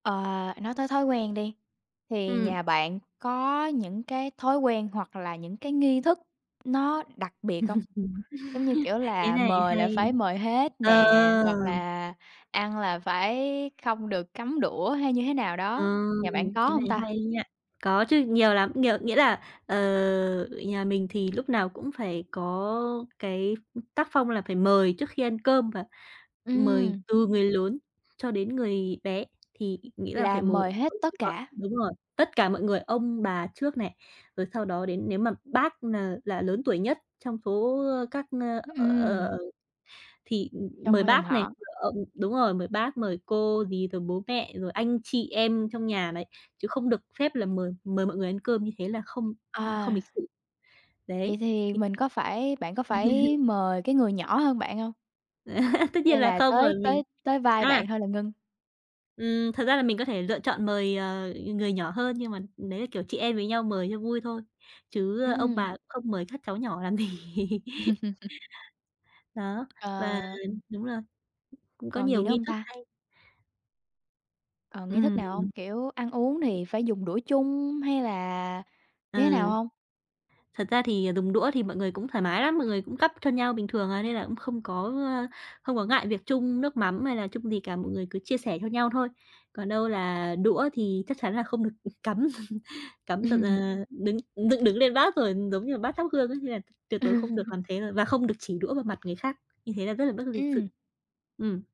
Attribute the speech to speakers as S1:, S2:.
S1: Ờ, nói tới thói quen đi, thì
S2: Ừm.
S1: nhà bạn có những cái thói quen hoặc là những cái nghi thức nó đặc biệt không? Giống như, kiểu,
S2: Cái
S1: là
S2: này
S1: mời là phải
S2: hay.
S1: mời hết
S2: Ờ!
S1: nè, hoặc là ăn là phải không được cắm đũa hay như thế nào
S2: Ờ.
S1: đó, nhà bạn có
S2: Cái này
S1: hông ta?
S2: hay nha! Có chứ, nhiều lắm, nhiều nghĩa là, ờ, nhà mình thì lúc nào cũng phải có cái tác phong là phải mời trước khi ăn cơm và mời
S1: Ừm.
S2: từ người lớn cho đến người bé, thì nghĩa là
S1: Là
S2: phải mời
S1: mời hết tất
S2: [unintelligible]
S1: cả?
S2: đúng rồi, tất cả mọi người, ông bà trước này, rồi sau đó đến nếu mà bác n là lớn tuổi nhất trong số, ơ, các, ơ, ờ,
S1: Ừm.
S2: ờ thì, ừm,
S1: Trông
S2: mời
S1: h dòng
S2: bác này,
S1: họ.
S2: ờ đúng rồi, mời bác, mời cô dì, rồi bố mẹ, rồi anh chị em trong nhà đấy. Chứ không được phép là mời mời mọi người ăn cơm, như thế là không không
S1: À.
S2: lịch sự. Đấy.
S1: Vậy thì
S2: [unintelligible]
S1: mình có phải bạn có phải mời cái người nhỏ hơn bạn hông?
S2: Tất nhiên
S1: Hay
S2: là
S1: là
S2: không
S1: tới
S2: rồi, mình
S1: tới tới vai
S2: à
S1: bạn thôi là ngưng?
S2: Ừm, thật ra là mình có thể lựa chọn mời, ờ, người nhỏ hơn nhưng mà đấy là, kiểu, chị em với nhau mời cho vui thôi. Chứ ông
S1: Ừm.
S2: bà không mời các cháu nhỏ làm gì. Đó. Và
S1: À.
S2: đúng rồi, cũng có
S1: Còn gì
S2: nhiều
S1: nữa
S2: nghi
S1: hông
S2: thức
S1: ta?
S2: hay.
S1: Ờ, nghi thức
S2: Ừm.
S1: nào hông? Kiểu ăn uống thì phải dùng đũa chung hay là như thế nào
S2: Ừ.
S1: hông?
S2: Thật ra thì dùng đũa thì mọi người cũng thoải mái lắm, mọi người cũng gắp cho nhau bình thường à, nên là cũng không có, ơ, không có ngại việc chung nước mắm hay là chung gì cả, mọi người cứ chia sẻ cho nhau thôi. Còn đâu là đũa thì chắc chắn là không được, ừm, cắm cắm dựng,
S1: Ừm.
S2: ờ, đứng dựng đứng lên bát rồi, giống như là bát thắp hương ấy, nên là tuyệt đối
S1: Ừ.
S2: không được làm thế rồi, và không được chỉ đũa vào mặt người khác, như thế là rất là bất lịch
S1: Ừm.
S2: sự. Ừm.